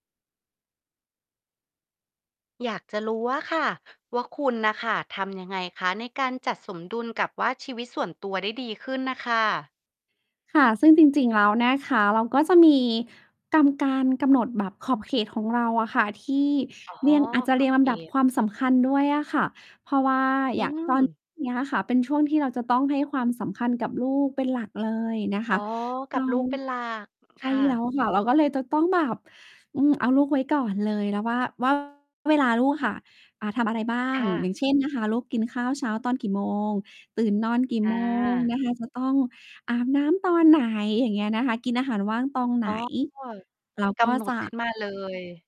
อยากจะรู้อะค่ะว่า คุณน่ะค่ะทำยังไงคะ ในการจัดสมดุลกับว่าชีวิตส่วนตัวได้ดีขึ้นน่ะค่ะ? ค่ะ ซึ่งจริง ๆ แล้วนะคะ เราก็จะมี กำ การกำหนดแบบขอบเขตของเราอะค่ะที่ อ๋อ เรียง อาจจะขเรอียบ งลเขำดับต ความสำคัญด้วยอะค่ะ เพราะว่าอือย่าง ตอน ม เนี้ยค่ะ เป็นช่วงที่เราจะต้องให้ความสำคัญกับลูกเป็นหลักเลยนะคอ๋อ ะ กัเรบา ลูกเป็นหลัก ใขค้ ่ะ แล้วค่ะ เราก็เลยจะต้องแบบ อืม เอาลูกไว้ก่อนเลย แล้วว่า ว่า เวลาลูกค่ะ อ่า ทำอะไรบ้าคง ่อย่ะ างเช่นนะคะ ลูกกินข้าวเช้าตอนกี่โมง ตื่นนอนกี่ อโมง า นะคะ จะต้องอาบน้ำตอนไหน อย่างเงี้ยนะคะ กินอาหารว่างตองไหอน ๋อ เรากก็ำหนจะ ดขึ้นมา เลย